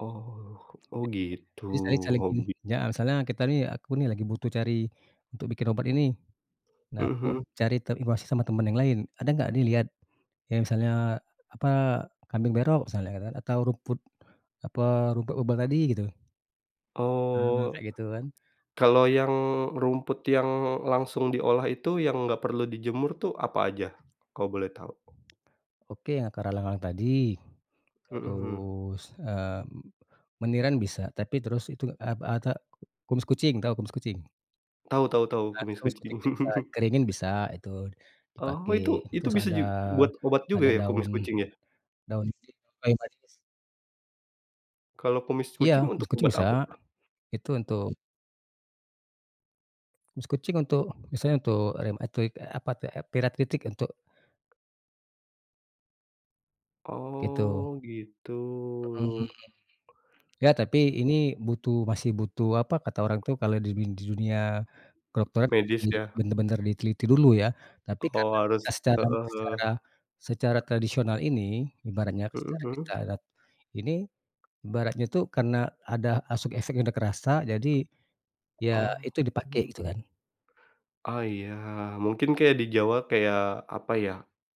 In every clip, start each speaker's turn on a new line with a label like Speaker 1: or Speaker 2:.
Speaker 1: Oh oh gitu,
Speaker 2: Jadi saya [unintelligible]
Speaker 1: hobi.
Speaker 2: alasannya kita nih aku nih lagi butuh cari, untuk bikin obat ini, nah
Speaker 1: Mhm
Speaker 2: aku
Speaker 1: mhm.
Speaker 2: cari te informasi sama teman yang lain ada enggak dilihat, yang misalnya, apa, kambing berok misalnya kan atau rumput, apa rumput obat tadi gitu. Mhm,
Speaker 1: Oh,
Speaker 2: kayak gitu kan.
Speaker 1: kalau yang rumput yang langsung diolah itu, yang nggak perlu dijemur tuh apa aja, kalau boleh tahu?
Speaker 2: Oke akar alang-alang tadi,
Speaker 1: Mhm mhm.
Speaker 2: terus, eee, meniran bisa tapi terus itu a pa ata ku kumis kucing tahu kumis kucing?
Speaker 1: Tahu tahu tahu
Speaker 2: Nah itu
Speaker 1: kumis
Speaker 2: kumis
Speaker 1: kucing.
Speaker 2: kucing itu bisa dikeringin bisa itu,
Speaker 1: Oh
Speaker 2: dipakai
Speaker 1: itu itu
Speaker 2: terus
Speaker 1: bisa
Speaker 2: ada
Speaker 1: ju buat obat juga
Speaker 2: ada
Speaker 1: ya
Speaker 2: daun,
Speaker 1: kumis kucing ya?
Speaker 2: daun. [unintelligible]
Speaker 1: Kalau kumis
Speaker 2: Iya
Speaker 1: kucing untuk
Speaker 2: kumis kucing
Speaker 1: obat
Speaker 2: bisa,
Speaker 1: apa tuh?
Speaker 2: itu untuk kumis kucing untuk misalnya untuk rematik, eee, apa tuh [unintelligible] untuk Gitu.
Speaker 1: Oh gitu.
Speaker 2: Mhm mhm mhm, ya tapi ini butuh masih butuh apa, kata orang tuh kalau di nin di dunia, kedokteran harus
Speaker 1: Medis
Speaker 2: di
Speaker 1: ya?
Speaker 2: benar-benar diteliti dulu ya. tapi
Speaker 1: Oh
Speaker 2: karena kita
Speaker 1: harus,
Speaker 2: secara
Speaker 1: heeh
Speaker 2: secara
Speaker 1: heeh.
Speaker 2: secara tradisional ini ibaratnya
Speaker 1: Mhm
Speaker 2: secara kita
Speaker 1: mhm.
Speaker 2: [unintelligible] ini, ibaratnya tuh karena ada [unintelligible] udah kerasa jadi, ya
Speaker 1: Oh.
Speaker 2: itu dipakai gitu kan.
Speaker 1: Oh iya mungkin kayak di Jawa kayak apa ya,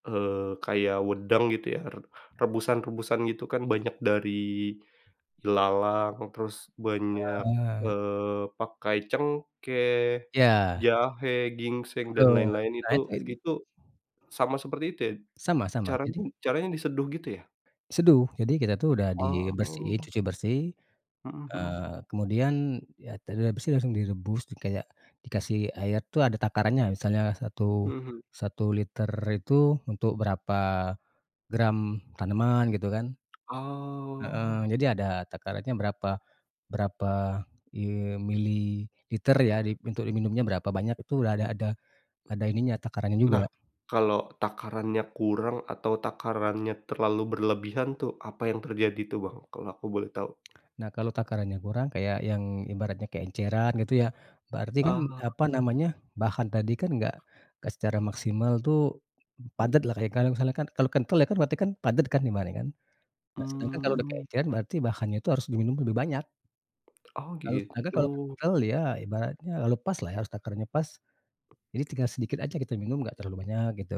Speaker 1: eee, kayak wedang gitu ya re rebusan rebusan gitu kan banyak dari, ilalang terus banyak,
Speaker 2: Heeh.
Speaker 1: eee, pakai cengkeh,
Speaker 2: Ya.
Speaker 1: jahe, ginseng dan
Speaker 2: Betul
Speaker 1: lain-lain
Speaker 2: nah
Speaker 1: itu
Speaker 2: itu. [unintelligible]
Speaker 1: itu, sama seperti itu ya,
Speaker 2: Sama sama
Speaker 1: caranya
Speaker 2: jadi
Speaker 1: caranya diseduh gitu ya?
Speaker 2: Seduh jadi kita tuh udah dibersihin
Speaker 1: Oh.
Speaker 2: cuci bersih,
Speaker 1: Mhm mhm.
Speaker 2: eee, kemudian ya [unintelligible] bersih langsung direbus tuh kayak dikasih air tuh ada takarannya misalnya satu
Speaker 1: Mhm.
Speaker 2: satu liter itu untuk berapa, gram tanaman gitu kan. Heeh,
Speaker 1: Oh.
Speaker 2: jadi ada takarannya berapa berapa im mililiter ya, di untuk diminumnya berapa banyak, itu udah ada ada, ada ininya takarannya
Speaker 1: Nah,
Speaker 2: juga.
Speaker 1: kalau takarannya kurang atau takarannya terlalu berlebihan tuh apa yang terjadi tuh Bang, kalau aku boleh tahu?
Speaker 2: Nah kalau takarannya kurang kayak yang ibaratnya keenceran gitu ya, berarti kan
Speaker 1: Oh.
Speaker 2: apa namanya bahan tadi kan enggak enggak secara maksimal tuh, padat lah kayak kalau misalnya kan kalau kental ya kan berarti kan padat kan ibaratnya kan, nah sedangkan kalau udah
Speaker 1: Mmm.
Speaker 2: keenceran berarti bahannya itu harus diminum lebih banyak.
Speaker 1: Oh
Speaker 2: Kalau sedangkan kalau
Speaker 1: gitu.
Speaker 2: kental ya ibaratnya [unintelligible] pas lah ya takarannya pas, jadi tinggal sedikit aja kita minum nggak terlalu banyak gitu.